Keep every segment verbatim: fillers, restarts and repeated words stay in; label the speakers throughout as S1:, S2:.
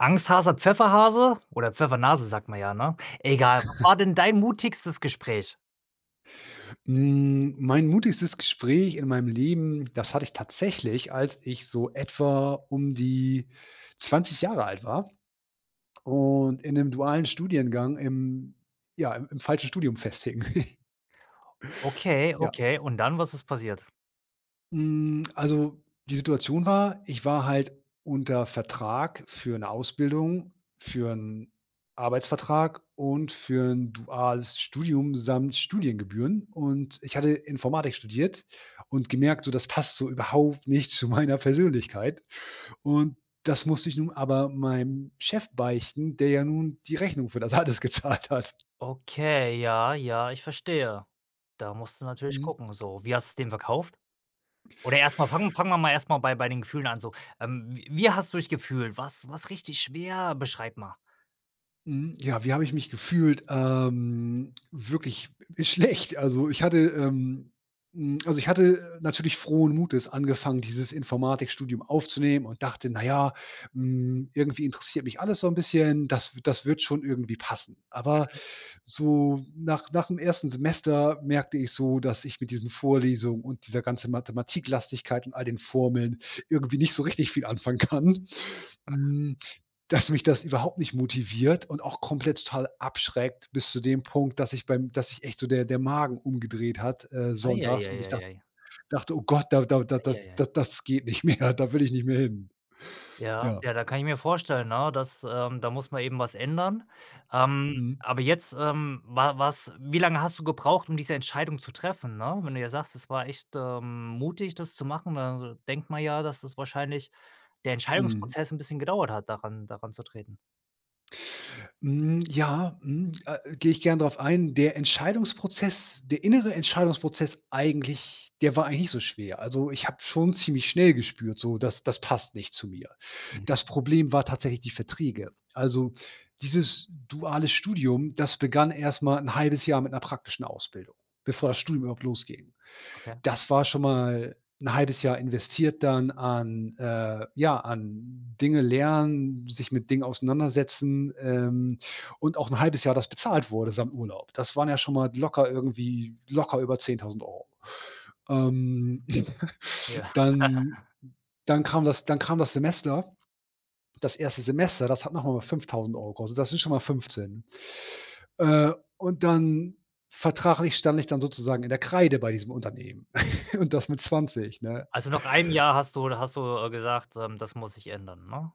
S1: Angsthase, Pfefferhase oder Pfeffernase sagt man ja, ne? Egal, was war denn dein mutigstes Gespräch?
S2: Mhm, mein mutigstes Gespräch in meinem Leben, das hatte ich tatsächlich, als ich so etwa um die zwanzig Jahre alt war und in 'nem dualen Studiengang im ja, im im falschen Studium festhing.
S1: Okay,
S2: Ja.
S1: okay und dann, was ist passiert?
S2: Hm, also, die Situation war: Ich war halt unter Vertrag für 'ne Ausbildung, für 'n Arbeitsvertrag und für 'n duales Studium samt Studiengebühren. Und ich hatte Informatik studiert und gemerkt, so: „Das passt so überhaupt nicht zu meiner Persönlichkeit.“ Und das musste ich nun aber meinem Chef beichten, der ja nun die Rechnung für das alles gezahlt hat.
S1: Okay, ja, ja, ich verstehe. Da musst du natürlich
S2: Mhm.
S1: gucken so. Wie hast du's dem verkauft? Oder erst mal fangen fangen wir mal erst mal bei bei den Gefühlen an so. Ähm, w wie hast du dich gefühlt? War's war's richtig schwer? Beschreib mal.
S2: Mhm, ja, wie habe ich mich gefühlt? Ähm, wirklich schlecht. Also, ich hatte, ähm, hm also, ich hatte natürlich frohen Mutes angefangen, dieses Informatikstudium aufzunehmen und dachte: „Na ja, hm, irgendwie interessiert mich alles so 'n bisschen. Das w das wird schon irgendwie passen.“ Aber
S1: Mhm.
S2: so nach nach dem ersten Semester merkte ich so, dass ich mit diesen Vorlesungen und dieser ganze Mathematiklastigkeit und all den Formeln irgendwie nicht so richtig viel anfangen kann.
S1: [unintelligible]
S2: Hm, dass mich das überhaupt nicht motiviert und auch komplett total abschreckt bis zu dem Punkt, dass ich beim dass sich echt so der der Magen umgedreht hat, äh,
S1: Ei, ei,
S2: sonntags und
S1: ei,
S2: ich
S1: ei,
S2: dacht
S1: ei.
S2: ich dachte: „Oh Gott, da da da
S1: Ei, ei,
S2: das
S1: ei.
S2: da das geht nicht mehr, da will ich nicht mehr hin,“
S1: Ja,
S2: ja.
S1: ja, da kann ich mir vorstellen, 'ne, dass, ähm da muss man eben was ändern. Ähm,
S2: Mhm.
S1: aber jetzt ähm, wa was wie lange hast du gebraucht, diese Entscheidung zu treffen, ne? Wenn du ja sagst: „Es war echt, ähm, mutig, das zu machen,“ ne, dann denkt man ja, dass das wahrscheinlich der
S2: Mhm.
S1: Entscheidungsprozess 'n bisschen gedauert hat, daran daran zu treten.
S2: Mhm, ja mhm, äh, gehe ich gern drauf ein. Der Entscheidungsprozess der innere Entscheidungsprozess eigentlich der war eigentlich nicht so schwer. Also, ich habe schon ziemlich schnell gespürt so: „Das das passt nicht zu mir.“
S1: Mhm.
S2: Das Problem war tatsächlich die Verträge. Also, dieses duale Studium, das begann erst mal 'n halbes Jahr mit 'ner praktischen Ausbildung, bevor das Studium überhaupt losging.
S1: Okay.
S2: Das war schon mal 'n halbes Jahr investiert dann an, äh ja, an Dinge lernen, sich mit Dingen auseinandersetzen, ähm, und auch 'n halbes Jahr das bezahlt wurde, samt Urlaub. Das waren ja schon mal locker irgendwie locker über zehntausend Euro. Ähm,
S1: Ja.
S2: dann dann kam das dann kam das Semester, das erste Semester, das hat noch mal fünftausend Euro gekostet. Das sind schon mal fünfzehn. Äh, und dann vertraglich stand ich dann sozusagen in der Kreide bei diesem Unternehmen und das mit zwanzig, ne?
S1: Also, nach einem Jahr hast du hast du, äh, gesagt, ähm: „Das muss sich ändern,“ ne?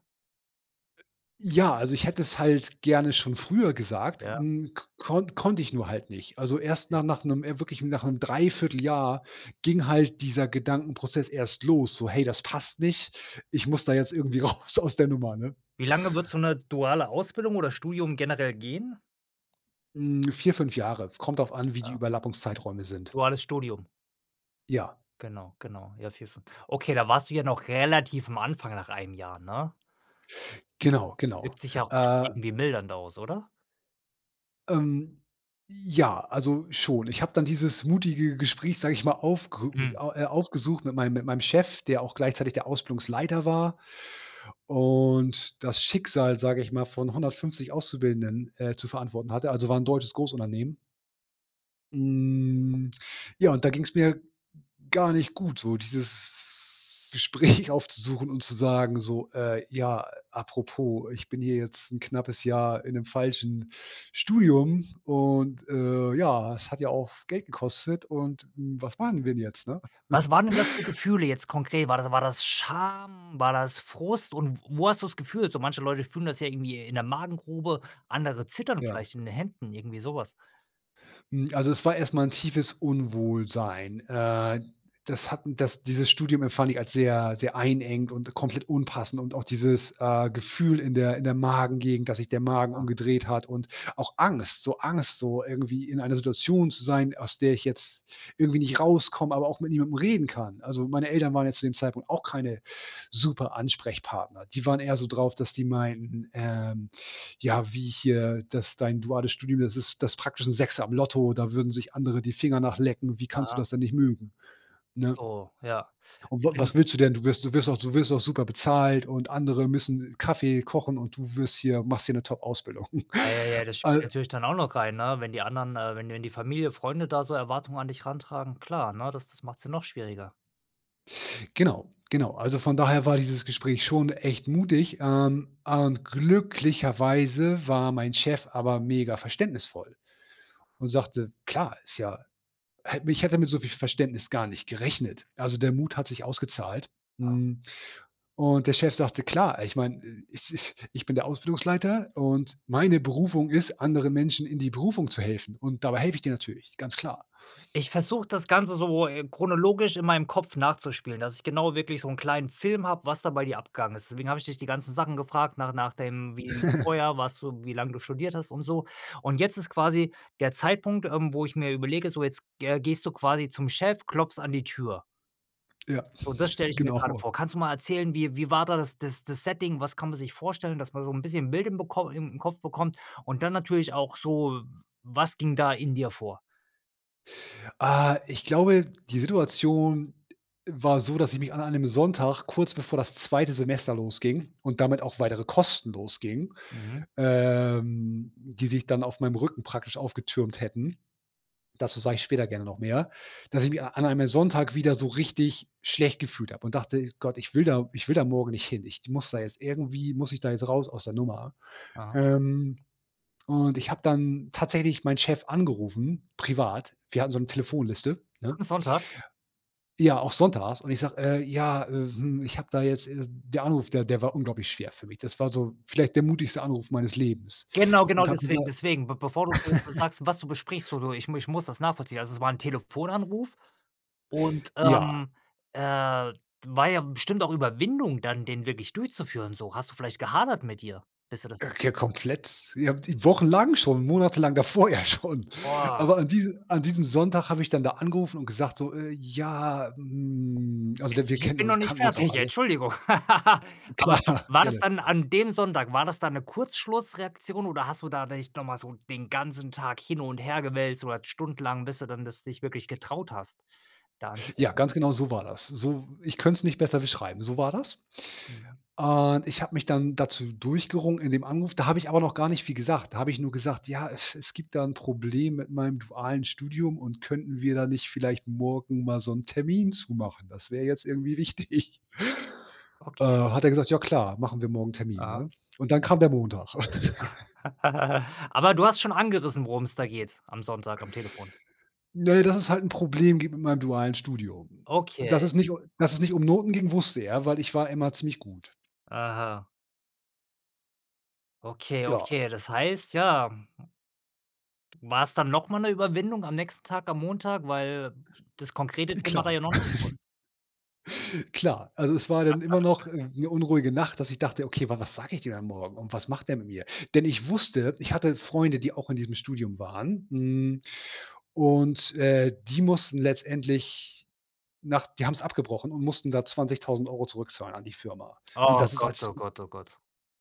S2: Ja, also, ich hätte es halt gerne schon früher gesagt,
S1: Ja.
S2: hm, konn konnte ich nur halt nicht. Also, erst
S1: Okay.
S2: na nach 'nem, äh wirklich, nach 'm drei Viertel Jahr ging halt dieser Gedankenprozess erst los, so: „Hey, das passt nicht. Ich muss da jetzt irgendwie raus aus der Nummer.“, ne?
S1: Wie lange würde so 'ne duale Ausbildung oder Studium generell gehen?
S2: Hm, vier, fünf Jahre. Kommt drauf an, wie die
S1: Ah.
S2: Überlappungszeiträume sind.
S1: Duales Studium?
S2: Ja.
S1: Genau, genau, ja, vier, fünf Okay, da warst du ja noch relativ am Anfang nach einem Jahr, ne?
S2: Genau, genau.
S1: Wirkt sich ja auch bestimmt
S2: Äh
S1: irgendwie mildernd aus, oder?
S2: Ähm, ja, also, schon. Ich habe dann dieses mutige Gespräch, sage ich mal, aufge
S1: Hm.
S2: a äh, aufgesucht mit meinem mit meinem Chef, der auch gleichzeitig der Ausbildungsleiter war und das Schicksal, sage ich mal, von hundertfünfzig Auszubildenden, äh, zu verantworten hatte also, war 'n deutsches Großunternehmen. Hm, ja, und da ging's mir gar nicht gut so, dieses Gespräch aufzusuchen und zu sagen so: „Äh, ja, apropos, ich bin hier jetzt 'n knappes Jahr in 'nem falschen Studium. Und, äh, ja, es hat ja auch Geld gekostet und, hm, was machen wir denn jetzt.“, ne?
S1: Was waren denn das für Gefühle jetzt konkret? War das war das Scham, war das Frust und w wo hast du das Gefühl? So manche Leute fühlen das ja irgendwie in der Magengrube, andere zittern
S2: Ja.
S1: vielleicht in den Händen irgendwie sowas.
S2: Hm, also es war erst mal 'n tiefes Unwohlsein. Äh, das hatten das dieses Studium empfand ich als sehr, sehr einengend und komplett unpassend. Und auch dieses, äh, Gefühl in der in der Magengegend, dass sich der Magen
S1: [unintelligible]
S2: umgedreht hat und auch Angst. So Angst, so irgendwie in einer Situation zu sein, aus der ich jetzt irgendwie nicht rauskomme, aber auch mit niemandem reden kann. Also, meine Eltern waren ja zu dem Zeitpunkt auch keine super Ansprechpartner. Die waren eher so drauf, dass die meinten, ähm: „Ja wie hier das dein duales Studium, das ist das praktisch 'n Sechser im Lotto, da würden sich andere die Finger nach lecken. Wie kannst du
S1: Aha.
S2: das denn nicht mögen,“ ne?
S1: So, ja.
S2: Und: „W
S1: Bin
S2: was willst du denn? Du wirst du wirst auch du wirst auch super bezahlt und andere müssen Kaffee kochen und du wirst hier machst hier 'ne Topausbildung.“
S1: Ei, ei, ei, das spielt
S2: Al
S1: natürlich dann auch noch rein, ne, wenn die anderen, äh wenn die wenn die Familie, Freunde da so Erwartungen an dich ran tragen, klar, ne, das das macht's ja noch schwieriger.
S2: Genau, genau. Also von daher war dieses Gespräch schon echt mutig, ähm. Und glücklicherweise war mein Chef aber mega verständnisvoll und sagte: „Klar ist ja“ hätte mich ich hätte mit so viel Verständnis gar nicht gerechnet. Also der Mut hat sich ausgezahlt. Hm, und der Chef sagte: „Klar, äh, ich meine äh, es ist ich bin der Ausbildungsleiter und meine Berufung ist, andere Menschen in die Berufung zu helfen. Und dabei helfe ich dir natürlich, ganz klar.
S1: Ich versuche das Ganze so, äh, chronologisch in meinem Kopf nachzuspielen, dass ich genau wirklich so 'n kleinen Film habe, was da bei dir abgegangen ist. Deswegen habe ich dich die ganzen Sachen gefragt nach nach dem wie [unintelligible] vorher warst du, wie lang du studiert hast und so und jetzt ist quasi der Zeitpunkt, ähm, wo ich mir überlege, so jetzt ge äh, gehst du quasi zum Chef, klopfst an die Tür.
S2: Ja,
S1: So, das stelle ich mir gerade
S2: genau.
S1: vor. Kannst du mal erzählen, wie wie war da das das Setting? Was kann man sich vorstellen, dass man so 'n bisschen Bild im bekomm in Kopf bekommt und dann natürlich auch so, was ging da in dir vor?
S2: Ah, ich glaube, die Situation war so, dass ich mich an einem Sonntag kurz bevor das zweite Semester losging und damit auch weitere Kosten losgingen,
S1: Mhm.
S2: ähm, die sich dann auf meinem Rücken praktisch aufgetürmt hätten dazu sage ich später gerne noch mehr, dass ich mich a an einem Sonntag wieder so richtig schlecht gefühlt habe und dachte: „Gott, ich will da ich will da morgen nicht hin. Ich muss da jetzt irgendwie muss ich da jetzt raus aus der Nummer.“
S1: Aha.
S2: Ähm, und ich habe dann tatsächlich meinen Chef angerufen, privat. Wir hatten so 'ne Telefonliste, ne?
S1: Am Sonntag?
S2: Ja, auch sonntags. Und ich sage: „Äh, ja, äh, hm,“ ich hab da jetzt, äh der Anruf, der der war unglaublich schwer für mich. Das war so vielleicht der mutigste Anruf meines Lebens.
S1: Genau, genau
S2: Und habe
S1: deswegen,
S2: gesagt
S1: deswegen. B bevor du du sagst, was du besprichst, so du ich ich muss das nachvollziehen. Also, es war 'n Telefonanruf und,
S2: Ja.
S1: ähm, äh, war ja bestimmt auch Überwindung dann den wirklich durchzuführen so. Hast du vielleicht gehadert mit dir, bis du das
S2: Äh,
S1: [unintelligible]
S2: k
S1: hast?
S2: komplett. Ja, wochenlang schon, monatelang davor ja schon.
S1: Boah!
S2: Aber an diese an diesem Sonntag habe ich dann da angerufen und gesagt so: „Äh, ja, hm also
S1: Ich
S2: da wir
S1: ich
S2: kennen
S1: bin noch
S2: uns
S1: nicht
S2: kannten uns auch
S1: fertig,
S2: alle“
S1: Entschuldigung. Aber
S2: Klar,
S1: war das
S2: gerne.
S1: dann an dem Sonntag, war das dann 'ne Kurzschlussreaktion oder hast du da dich noch mal so den ganzen Tag hin und her gewälzt oder stundenlang bis du dann das dich wirklich getraut hast da
S2: Ja,
S1: anzurufen?
S2: ganz genau so war das. So ich könnt's nicht besser beschreiben, so war das.
S1: Mhm.
S2: Und ich habe mich dann dazu durchgerungen in dem Anruf da habe ich aber noch gar nicht viel gesagt. Da habe ich nur gesagt: „Ja, äh, es es gibt da 'n Problem mit meinem dualen Studium und könnten wir da nicht vielleicht morgen mal so 'n Termin zu machen, das wär jetzt irgendwie wichtig.“ Äh,
S1: Okay.
S2: hat er gesagt: „Ja klar, machen wir morgen 'n Termin,
S1: Aha.
S2: ne,“ und dann kam der Montag.
S1: Aber du hast schon angerissen, worum es da geht, am Sonntag am Telefon.
S2: Ne, dass es halt 'n Problem gibt mit meinem dualen Studium. Dass
S1: Okay.
S2: es nicht dass es nicht um Noten ging, wusste er, weil ich war immer ziemlich gut.
S1: Aha. Okay,
S2: Joa.
S1: okay, das heißt, ja, mhm d war's dann noch mal 'ne Überwindung am nächsten Tag am Montag? Weil das konkrete Thema war ja
S2: Klar.
S1: da noch nicht bewusst.
S2: Klar, also, es war dann immer noch 'ne unruhige Nacht, dass ich dachte: „Okay, wa was sage ich dem dann Morgen und was macht der mit mir?“ Denn ich wusste, ich hatte Freunde, die auch in diesem Studium waren. N und, äh, die mussten letztendlich nach die haben's abgebrochen und mussten da zwanzigtausend Euro zurückzahlen an die Firma. Und
S1: Oh
S2: das ist
S1: Gott,
S2: als
S1: oh Gott, oh Gott.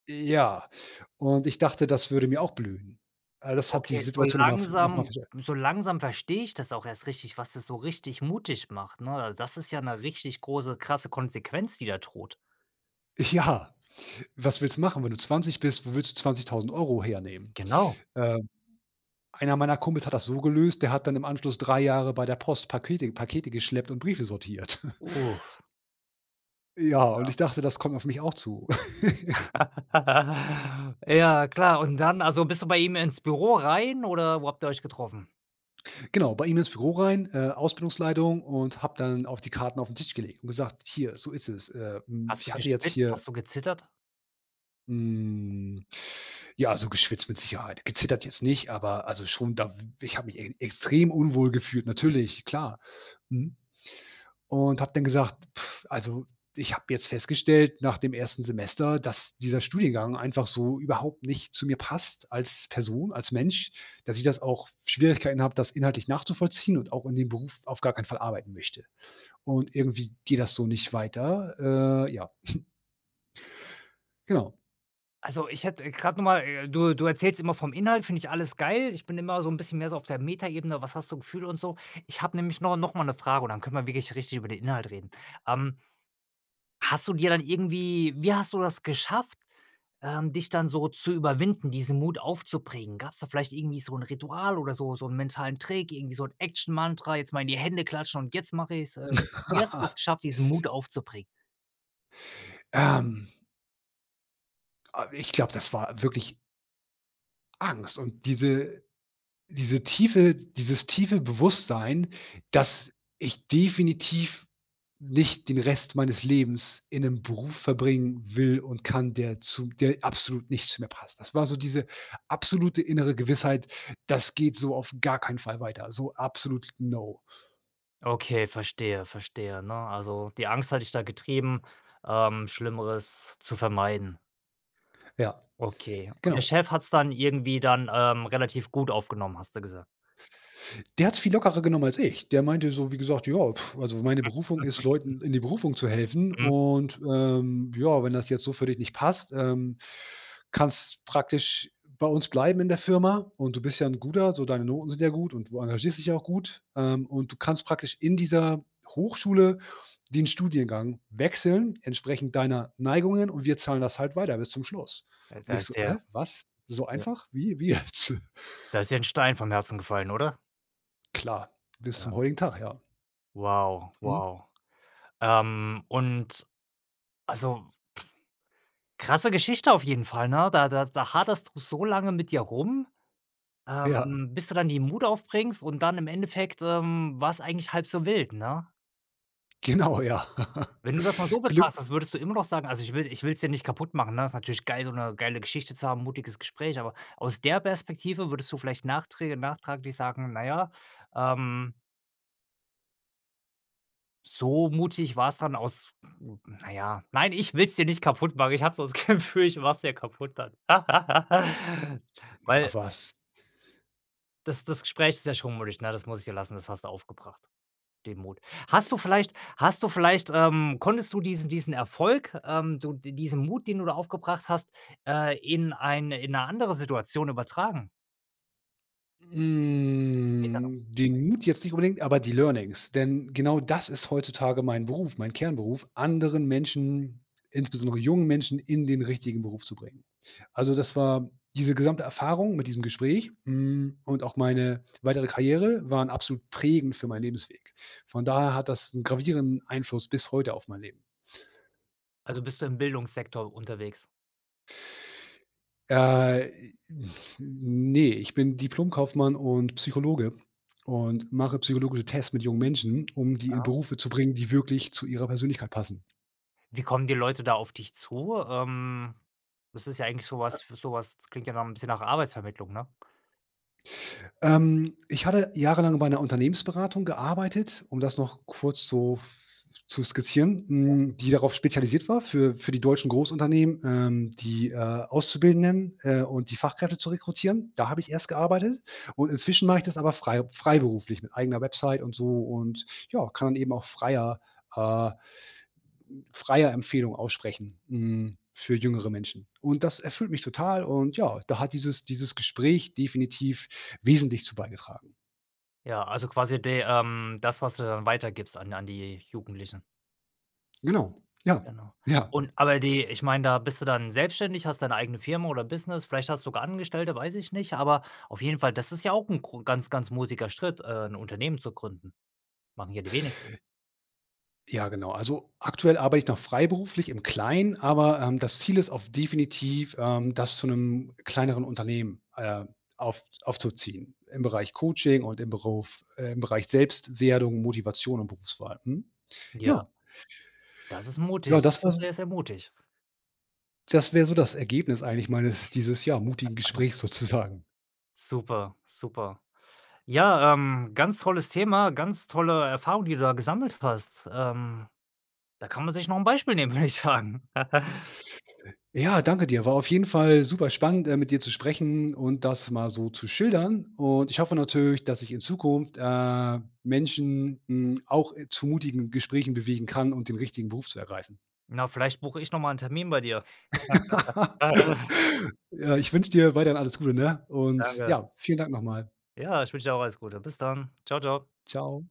S2: Ja und ich dachte, das würde mir auch blühen. Äh, das hat die
S1: Okay, so
S2: Situation noch mal v noch mal
S1: langsam
S2: vers
S1: so langsam verstehe ich das auch erst richtig was das so richtig mutig macht, ne? Also, das ist ja 'ne richtig große, krasse Konsequenz die da droht.
S2: Ja, was willst du machen, wenn du zwanzig bist? Wo willst du zwanzigtausend Euro hernehmen?
S1: Genau.
S2: Ähm, einer meiner Kumpels hat das so gelöst, der hat dann im Anschluss drei Jahre bei der Post Pakete Pakete geschleppt und Briefe sortiert.
S1: Uff.
S2: Ja, und ich
S1: Ja.
S2: dachte, das kommt auf mich auch zu.
S1: Ja klar und dann also, bist du bei ihm ins Büro rein oder wo habt ihr euch getroffen?
S2: Genau, bei ihm ins Büro rein, äh, Ausbildungsleitung und habe dann auch die Karten auf 'n Tisch gelegt und gesagt: „Hier, so ist es. Äh, hm,
S1: Hast du
S2: ich hatte jetzt
S1: geschwitzt?
S2: hier“
S1: Hast du gezittert?
S2: Hm, ja, also, geschwitzt mit Sicherheit. Gezittert jetzt nicht, aber also, schon da w ich habe mich e extrem unwohl gefühlt,
S1: Mhm.
S2: natürlich, klar, mhm. Und habe dann gesagt: „Also, ich habe jetzt festgestellt nach dem ersten Semester, dass dieser Studiengang einfach so überhaupt nicht zu mir passt als Person, als Mensch. Dass ich das auch Schwierigkeiten habe, das inhaltlich nachzuvollziehen und auch in dem Beruf auf gar keinen Fall arbeiten möchte. Und irgendwie geht das so nicht weiter.“ Äh, ja. Genau.
S1: Also, ich hätte, äh, grad noch mal, äh du du erzählst immer vom Inhalt, finde ich alles geil. Ich bin immer so 'n bisschen mehr so auf der Metaebene, was hast du Gefühle und so. Ich habe nämlich nor noch mal 'ne Frage und dann können wir wirklich richtig über den Inhalt reden. Ähm, hast du dir dann irgendwie wie hast du das geschafft, ähm, dich dann so zu überwinden, diesen Mut aufzubringen? Gab's da vielleicht irgendwie so 'n Ritual oder so so 'n mentalen Trick, irgendwie so 'n Action Mantra, jetzt mal in die Hände klatschen und jetzt mache ich's. Äh, wie hast du's geschafft, diesen Mut aufzubringen?
S2: Ähm. A ich glaube, das war wirklich Angst und diese diese tiefe dieses tiefe Bewusstsein, dass ich definitiv nicht den Rest meines Lebens in 'nem Beruf verbringen will und kann, der zu der absolut nicht zu mir passt. Das war so diese absolute innere Gewissheit: „Das geht so auf gar keinen Fall weiter.“ So absolut: „No!“
S1: Okay, verstehe verstehe, ne? Also die Angst hat dich da getrieben, ähm, Schlimmeres zu vermeiden.
S2: Ja,
S1: Okay. Und der
S2: genau.
S1: Chef hat's dann irgendwie dann, ähm, relativ gut aufgenommen, hast du gesagt.
S2: Der hat's viel lockerer genommen als ich. Der meinte so, wie gesagt: „Ja, also meine Berufung ist, Leuten in die Berufung zu helfen
S1: Mhm.
S2: und, ähm, ja, wenn das jetzt so für dich nicht passt, ähm, kannst praktisch bei uns bleiben in der Firma, und du bist ja 'n guter so deine Noten sind ja gut und du engagiert dich ja auch gut, ähm, und du kannst praktisch in dieser Hochschule den Studiengang wechseln entsprechend deiner Neigungen und wir zahlen das halt weiter bis zum Schluss.“ Und
S1: Da
S2: ich so:
S1: ist dir
S2: „Hä, was? So
S1: ja
S2: einfach? Wie wie jetzt?“
S1: da ist dir 'n Stein vom Herzen gefallen, oder?
S2: Klar, bis
S1: Ja.
S2: zum heutigen Tag, ja.
S1: Wow,
S2: Mhm.
S1: wow. Ähm, und also, krasse Geschichte auf jeden Fall, ne? Da da da haderst du so lange mit dir rum, ähm,
S2: Ja.
S1: bis du dann die Mut aufbringst und dann im Endeffekt, ähm, war's eigentlich halb so wild, ne?
S2: Genau, ja.
S1: Wenn du das mal so
S2: Glück
S1: betrachtest, würdest du immer noch sagen also, ich will ich will's dir nicht kaputt machen, ne? Ist natürlich geil, so 'ne geile Geschichte zu haben, mutiges Gespräch. Aber aus der Perspektive, würdest du vielleicht nachträge nachtraglich sagen: „Na ja, ähm so mutig war's dann aus” na ja, nein, ich will's dir nicht kaputt machen. Ich habe so dass Gefühl, ich mach 's dir kaputt dann.
S2: [unintelligible]
S1: Weil
S2: Ach was.
S1: das das Gespräch ist ja schon mutig, na, das muss ich dir lassen, das hast du aufgebracht, den Mut. Hast du vielleicht hast du vielleicht, ähm konntest du diesen diesen Erfolg, ähm, du d diesen Mut, den du da aufgebracht hast, äh, in eine in 'ne andere Situation übertragen? Später noch.
S2: Hm, den Mut jetzt nicht unbedingt, aber die Learnings. Denn genau das ist heutzutage mein Beruf, mein Kernberuf. Anderen Menschen, insbesondere jungen Menschen, in den richtigen Beruf zu bringen. Also, das war diese gesamte Erfahrung mit diesem Gespräch, hm, und auch meine weitere Karriere waren absolut prägend für meinen Lebensweg. Von daher hat das 'n gravierenden Einfluss bis heute auf mein Leben.
S1: Also, bist du im Bildungssektor unterwegs?
S2: Äh, i n ne, ich bin Diplomkaufmann und Psychologe und mache psychologische Tests mit jungen Menschen, um die in
S1: Ja?
S2: Berufe zu bringen, die wirklich zu ihrer Persönlichkeit passen.
S1: Wie kommen die Leute da auf dich zu? Ähm, das ist ja eigentlich so
S2: Äh.
S1: was, f so was klingt ja 'n bisschen nach Arbeitsvermittlung, ne?
S2: Ähm, ich hatte jahrelang bei 'ner Unternehmensberatung gearbeitet, um das noch kurz so zu skizzieren,
S1: Ja.
S2: hm, die darauf spezialisiert war für für die deutschen Großunternehmen, ähm, die, äh, Auszubildenden, äh, und die Fachkräfte zu rekrutieren. Da habe ich erst gearbeitet und inzwischen mache ich das aber frei freiberuflich mit eigener Website und so und, ja, kann dann eben auch freier, äh freier Empfehlung aussprechen, hm, für jüngere Menschen. Und das erfüllt mich total und, ja, da hat dieses dieses Gespräch definitiv wesentlich zu beigetragen.
S1: Ja, also, quasi der, ähm das, was du weitergibst an an die Jugendlichen.
S2: Genau, ja,
S1: Genau.
S2: ja.
S1: Und aber die ich meine, da bist du dann selbstständig, hast deine eigene Firma oder Business, vielleicht hast du sogar Angestellte? Weiß ich nicht. Aber, auf jeden Fall, das ist ja auch 'n gro ganz, ganz mutiger Schritt, äh, 'n Unternehmen zu gründen. Machen hier die wenigsten.
S2: Ja, genau. Also, aktuell arbeite ich noch freiberuflich im Kleinen. Aber, ähm, das Ziel ist auf definitiv, ähm, das zu 'nem kleineren Unternehmen, äh, auf aufzuziehen im Bereich Coaching und im Beruf, äh im Bereich Selbstwerdung, Motivation und Berufswahl, mhm,
S1: Ja.
S2: ja.
S1: Ja, das ist
S2: Ja
S1: mutig.
S2: das
S1: Das
S2: war
S1: ist
S2: so
S1: sehr, sehr mutig.
S2: Das wäre so das Ergebnis eigentlich meines dieses, ja, mutigen Gesprächs sozusagen.
S1: Super, super. Ja, ähm, ganz tolles Thema, ganz tolle Erfahrung, die du da gesammelt hast. Ähm, da kann man sich noch 'n Beispiel nehmen, würde ich sagen.
S2: Ja, danke dir. War auf jeden Fall superspannend, äh, mit dir zu sprechen und das mal so schildern. Und ich hoffe natürlich, dass ich in Zukunft, äh, Menschen, hm, auch, äh, zu mutigen Gesprächen bewegen kann, um den richtigen Beruf zu ergreifen.
S1: Na, vielleicht buche ich noch mal 'n Termin bei dir.
S2: Ja, ich wünsche dir weiterhin alles Gute, ne? Und,
S1: Danke.
S2: ja, vielen Dank noch mal.
S1: Ja, ich wünsche dir auch alles Gute. Bis dann. Tschau, Tschau.
S2: Tschau.